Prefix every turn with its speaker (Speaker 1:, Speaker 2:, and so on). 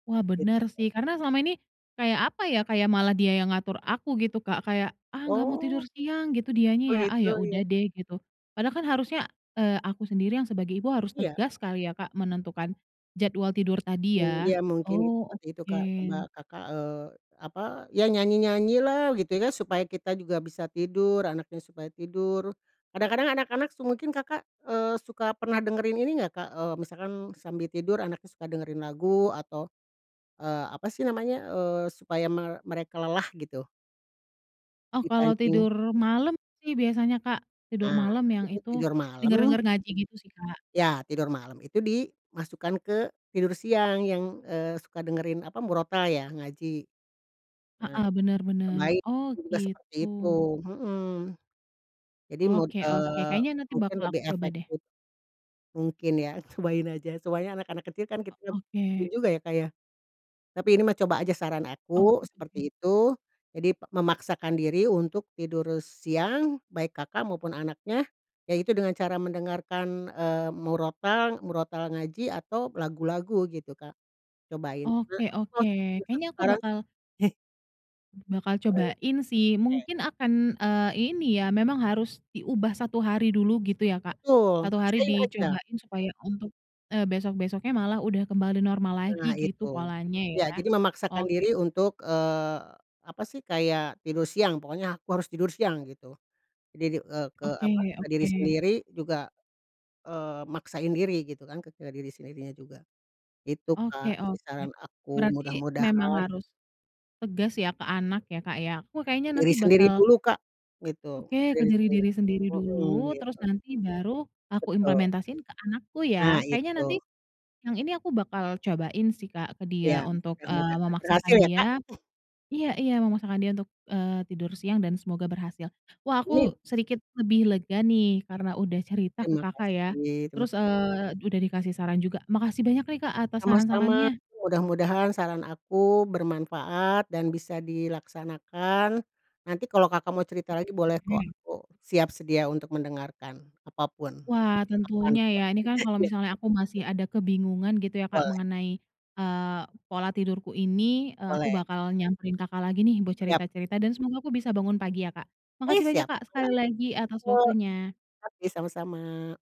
Speaker 1: Wah benar
Speaker 2: Betul.
Speaker 1: sih karena selama ini, kayak apa ya? kayak malah dia yang ngatur aku gitu Kak kayak, ah, nggak mau tidur
Speaker 2: Oh.
Speaker 1: siang gitu dianya ya, ah,
Speaker 2: Begitu
Speaker 1: ya
Speaker 2: ya?
Speaker 1: udah deh gitu, padahal kan harusnya, eee, aku sendiri yang sebagai ibu harus
Speaker 2: Iya.
Speaker 1: tegas kali ya Kak menentukan, jadwal tidur tadi
Speaker 2: Mmm,
Speaker 1: ya,
Speaker 2: iya mungkin git
Speaker 1: oh
Speaker 2: seperti itu
Speaker 1: oke.
Speaker 2: Kak coba Kakak, eee, apa, ya nyanyi-nyanyilah gitu ya kan supaya kita juga bisa tidur anaknya supaya tidur, kadang-kadang anak-anak se mungkin Kakak, eee, suka pernah dengerin ini gak Kak, eee, misalkan sambil tidur anaknya suka dengerin lagu atau, eee, apa sih namanya, eee, supaya me mereka lelah gitu?
Speaker 1: Oh kalau
Speaker 2: Dipancing.
Speaker 1: tidur malam sih biasanya Kak tidur
Speaker 2: A
Speaker 1: malam yang
Speaker 2: itu
Speaker 1: itu,
Speaker 2: tidur malam.
Speaker 1: denger-denger ngaji gitu sih Kak.
Speaker 2: Ya tidur malam itu dimasukkan ke tidur siang yang, eee, suka dengerin apa murotal ya? Ngaji, a
Speaker 1: Heeh, bener bener
Speaker 2: cobain
Speaker 1: oh
Speaker 2: juga
Speaker 1: gitu.
Speaker 2: seperti itu, mhm, jadi mung
Speaker 1: Oke oke
Speaker 2: eee,
Speaker 1: kayaknya nanti
Speaker 2: mungkin
Speaker 1: bakal aku
Speaker 2: lebih
Speaker 1: coba deh.
Speaker 2: efektif. Mungkin ya cobain aja soalnya anak-anak kecil kan
Speaker 1: O
Speaker 2: kita
Speaker 1: oke.
Speaker 2: bingung juga ya Kak ya? Tapi ini mah coba aja saran
Speaker 1: Oke
Speaker 2: aku
Speaker 1: oke.
Speaker 2: seperti, itu jadi p memaksakan diri untuk tidur siang baik Kakak maupun anaknya, yaitu dengan cara mendengarkan, eee, murotal murotal ngaji atau lagu-lagu gitu Kak, cobain.
Speaker 1: Oke oke kayaknya aku
Speaker 2: [unintelligible]
Speaker 1: bakal bakal
Speaker 2: Baik,
Speaker 1: cobain sih
Speaker 2: oke.
Speaker 1: mungkin akan, eee, ini ya memang harus diubah 1 hari dulu gitu ya Kak,
Speaker 2: Betul
Speaker 1: 1 hari
Speaker 2: paksain aja.
Speaker 1: dicobain supaya untuk, eee, besok-besoknya malah udah kembali normal lagi
Speaker 2: Nah
Speaker 1: gitu
Speaker 2: itu,
Speaker 1: polanya
Speaker 2: ya
Speaker 1: ya,
Speaker 2: jadi memaksakan
Speaker 1: oke oke.
Speaker 2: diri untuk, eee, apa sih kayak tidur siang pokoknya aku harus tidur siang gitu, diri eee, ke
Speaker 1: Oke
Speaker 2: apa? ke diri
Speaker 1: oke.
Speaker 2: sendiri juga, eee, maksain diri gitu kan ke ke diri sendirinya juga, itu
Speaker 1: Oke
Speaker 2: Kak sih
Speaker 1: oke,
Speaker 2: saran aku
Speaker 1: berarti
Speaker 2: mudah
Speaker 1: memang
Speaker 2: mudahan
Speaker 1: harus, tegas ya ke anak ya Kak ya aku
Speaker 2: Ke
Speaker 1: kayaknya
Speaker 2: diri
Speaker 1: nanti
Speaker 2: sendiri
Speaker 1: bakal
Speaker 2: dulu Kak, gitu
Speaker 1: Oke ke
Speaker 2: diri sendiri
Speaker 1: diri sendiri
Speaker 2: dulu, mhm,
Speaker 1: dulu terus
Speaker 2: gitu.
Speaker 1: nanti baru aku
Speaker 2: Betul.
Speaker 1: implementasiin ke anakku
Speaker 2: A
Speaker 1: ya kayaknya nanti,
Speaker 2: itu.
Speaker 1: yang ini aku bakal cobain sih Kak ke dia
Speaker 2: Ya
Speaker 1: untuk,
Speaker 2: mudah
Speaker 1: eee,
Speaker 2: mudahan
Speaker 1: memaksakan
Speaker 2: berhasil ya Kak.
Speaker 1: dia, iya iya memaksakan dia untuk, eee, tidur siang dan semoga berhasil, wah
Speaker 2: Iya.
Speaker 1: aku sedikit lebih lega nih karena udah cerita ke
Speaker 2: Terima
Speaker 1: Kakak ya,
Speaker 2: kasih terima ka
Speaker 1: terus, eee, udah dikasih saran juga makasih banyak nih Kak atas
Speaker 2: Sama-sama
Speaker 1: saran-sarannya.
Speaker 2: mudah-mudahan saran aku bermanfaat dan bisa dilaksanakan, nanti kalau Kakak mau cerita lagi boleh kok
Speaker 1: Oke.
Speaker 2: aku siap sedia untuk mendengarkan apa pun,
Speaker 1: Wah
Speaker 2: kapan
Speaker 1: tentunya ya
Speaker 2: pun
Speaker 1: ini kan kalau
Speaker 2: iya.
Speaker 1: misalnya aku masih ada kebingungan gitu ya Kak
Speaker 2: Boleh.
Speaker 1: mengenai, eee, pola tidurku ini, eee, aku
Speaker 2: Boleh.
Speaker 1: bakal nyamperin Kakak lagi nih buat
Speaker 2: Siap.
Speaker 1: cerita cerita dan semoga aku bisa bangun pagi ya Kak,
Speaker 2: Eh,
Speaker 1: makasih banyak
Speaker 2: siap
Speaker 1: Kak
Speaker 2: mangga.
Speaker 1: sekali lagi atas
Speaker 2: [unintelligible]
Speaker 1: waktunya.
Speaker 2: Oke sama-sama.